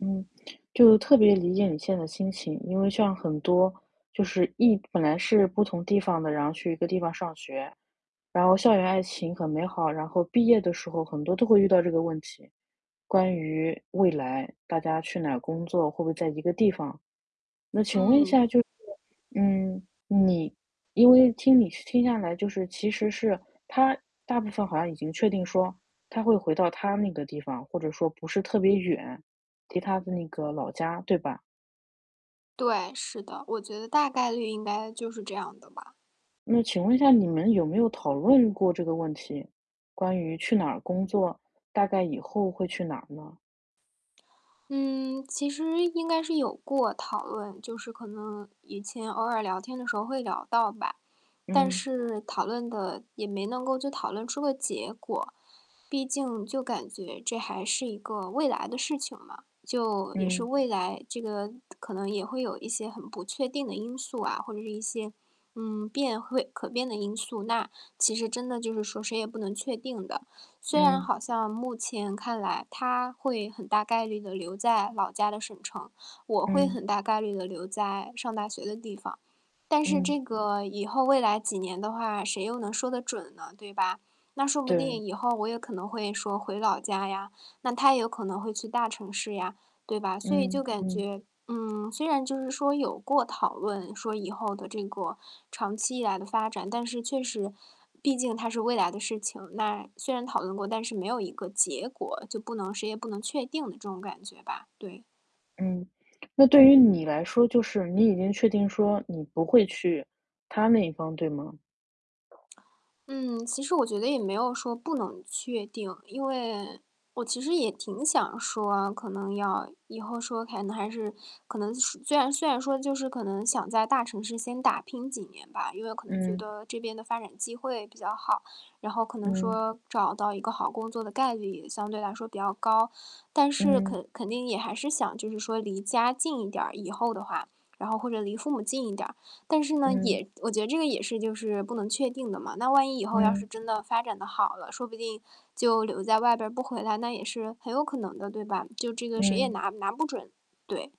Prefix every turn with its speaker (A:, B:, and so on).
A: 嗯，就特别理解你现在心情。因为像很多就是异本来是不同地方的，然后去一个地方上学，然后校园爱情很美好，然后毕业的时候很多都会遇到这个问题。关于未来，大家去哪工作，会不会在一个地方？那请问一
B: 嗯。
A: 下就是，嗯，你因为听你听下来就是其实是他大部分好像已经确定说他会回到他那个地方，或者说不是特别远，离他的那个老家，对吧？
B: 对，是的。我觉得大概率应该就是这样的吧。
A: 那请问一下你们有没有讨论过这个问题。关于去哪儿工作，大概以后会去哪呢？
B: 嗯，其实应该是有过讨论，就是可能以前偶尔聊天的时候会聊到吧。但
A: 嗯。
B: 是讨论的，也没能够就讨论出个结果，毕竟就感觉这还是一个未来的事情嘛，就也是
A: 嗯。
B: 未来，这个可能也会有一些很不确定的因素啊，或者一些，嗯，变会可变的因素，那其实真的就是说谁也不能确定的。虽然
A: 嗯。
B: 好像目前看来他会很大概率的留在老家的省城，我会很
A: 嗯。
B: 大概率的留在上大学的地方。但是
A: 嗯。
B: 这个以后未来几年的话，谁又能说的准呢，对吧？那说不
A: 对。
B: 定，以后我也可能会说回老家呀，那他也有可能会去大城市呀，对吧？所以就
A: 嗯，
B: 感
A: 嗯。
B: 觉嗯，虽然就是说有过讨论说以后的这个长期以来的发展，但是确实，毕竟它是未来的事情。那虽然讨论过，但是没有一个结果，就不能谁也不能确定的这种感觉吧，对。
A: 嗯，那对于你来说，就是你已经确定说你不会去他那一方，对吗？
B: 嗯，其实我觉得也没有说不能确定。因为我其实也挺想说可能要以后说可能还是可能虽然虽然说，就是可能想在大城市先打拼几年吧，因为可能觉
A: 嗯。
B: 得这边的发展机会比较好，然后可能
A: 嗯。
B: 说找到一个好工作的概率也相对来说比较高。但是
A: 嗯。
B: 肯肯定也还是想，就是说离家近一点儿，以后的话，然后或者离父母近一点。但是呢，
A: 嗯。
B: 也我觉得这个也是就是不能确定的嘛。那万一以后要是
A: 嗯。
B: 真的发展得好了，说不定就留在外边不回来，那也是很有可能的，对吧？就这个谁也
A: 嗯。
B: 拿拿不准，对。